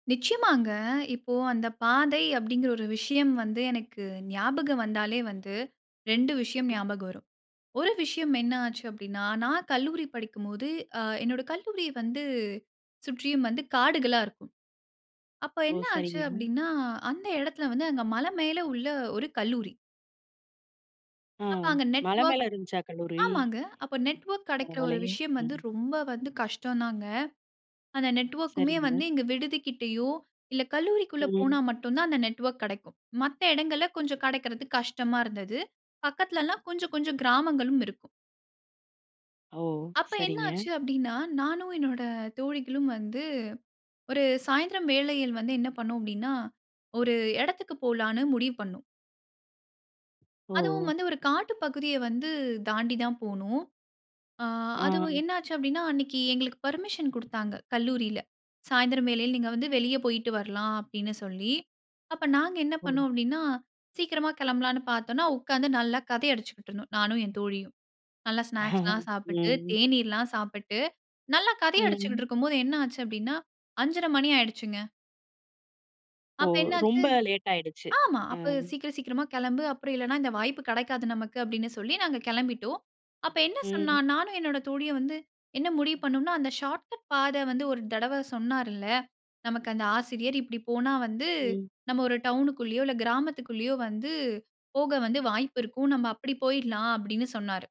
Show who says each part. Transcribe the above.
Speaker 1: நிச்சயமாங்க. இப்போ அந்த பாதை அப்படிங்கிற ஒரு விஷயம் வந்து, எனக்கு ஞாபகம் வந்தாலே வந்து 2 விஷயம்
Speaker 2: [unintelligible]
Speaker 1: ஞாபகம் வரும். 1 விஷயம் என்ன ஆச்சு அப்படின்னா, நான் கல்லூரி படிக்கும்போது அ என்னோட கல்லூரி வந்து சுற்றியும் வந்து காடுகளா இருக்கும். அப்ப
Speaker 2: ஓ!
Speaker 1: என்ன ஆச்சு
Speaker 2: சரிங்க.
Speaker 1: அப்படின்னா, அந்த இடத்தில வந்து அங்க மலை மேல உள்ள ஒரு கல்லூரி.
Speaker 2: ஆ.
Speaker 1: அப்ப அங்க
Speaker 2: மலை
Speaker 1: நெட்வொர்க்
Speaker 2: மேலே இருந்துச்சா கல்லூரி?
Speaker 1: ஆமாங்க. அப்ப நெட்வொர்க் கிடைக்கிற ஒரு
Speaker 2: பரவால்லையே
Speaker 1: விஷயம் வந்து
Speaker 2: ம்.
Speaker 1: ரொம்ப வந்து கஷ்டம் தாங்க. அந்த நெட்வொர்க்குமே
Speaker 2: சரிங்க.
Speaker 1: வந்து இங்க விடுதி கிட்டயோ இல்லை கல்லூரிக்குள்ள போனா
Speaker 2: ம்.
Speaker 1: மட்டும் தான் அந்த நெட்வொர்க் கிடைக்கும். மத்த இடங்கள்ல கொஞ்சம் கிடைக்கிறது கஷ்டமா இருந்தது. பக்கத்தில எல்லாம் கொஞ்சம் கொஞ்சம் கிராமங்களும் இருக்கும்.
Speaker 2: ஓ!
Speaker 1: அப்ப என்ன
Speaker 2: சரிங்க.
Speaker 1: ஆச்சு அப்படின்னா நானும் என்னோட தோழிகளும் வந்து ஒரு சாயந்திரம் வேளையில் வந்து என்ன பண்ணினோம் அப்படின்னா, ஒரு இடத்துக்கு போலான்னு முடிவு பண்ணோம். அதுவும்
Speaker 2: ஓ!
Speaker 1: வந்து ஒரு காட்டு பகுதிய வந்து தாண்டி தான் போணும். அ அதுவும்
Speaker 2: ஆ.
Speaker 1: என்ன ஆச்சு அப்படின்னா அன்னைக்கு எங்களுக்கு பெர்மிஷன் குடுத்தாங்க கல்லூரில. சாயந்திரம் வேளையில நீங்க வந்து வெளியே போயிட்டு வரலாம் அப்படின்னு சொல்லி. அப்ப நாங்க என்ன
Speaker 2: ஓ.
Speaker 1: பண்ணோம் அப்படின்னா சீக்கிரமா கிளம்பலான்னு பார்த்தோம்னா உட்காந்து நல்லா கதை அடிச்சுக்கிட்டு இருந்தோம். நானும் என் தோழியும், நல்லா ஸ்நாக்ஸ்லாம் சாப்பிட்டு,
Speaker 2: ம்.
Speaker 1: தேநீர்லாம் சாப்பிட்டு நல்லா கதை
Speaker 2: ம்.
Speaker 1: அடிச்சுக்கிட்டு இருக்கும்போது என்ன ஆச்சு அப்படின்னா 5:30 மணி ஆயிடுச்சுங்க.
Speaker 2: ஓ!
Speaker 1: அப்ப என்ன
Speaker 2: ரொம்ப
Speaker 1: ஆச்சு
Speaker 2: லேட் ஆயிடுச்சு.
Speaker 1: ஆமா
Speaker 2: அ.
Speaker 1: அப்ப சீக்கிரம் சீக்கிரமா கிளம்பு, அப்புறம் இல்லைன்னா இந்த வாய்ப்பு கிடைக்காது நமக்கு அப்படின்னு சொல்லி நாங்க கிளம்பிட்டோம். அப்ப என்ன சொன்னா,
Speaker 2: ம்.
Speaker 1: நானும் என்னுடைய தோழியும் வந்து என்ன முடிவு பண்ணோம்னா, அந்த ஷார்ட்கட் பாதை வந்து ஒரு தடவை சொன்னாருல்ல, "நமக்கு அந்த ஆசிரியர், இப்படி போனா வந்து
Speaker 2: ம்.
Speaker 1: நாம் ஒரு டவுன் குள்ளேயோ இல்லை கிராமத்துக்குள்ளேயோ வந்து போக வந்து வாய்ப்பு இருக்கும். நாம் அப்படி போய்டலாம்," அப்படின்னு சொன்னாரு.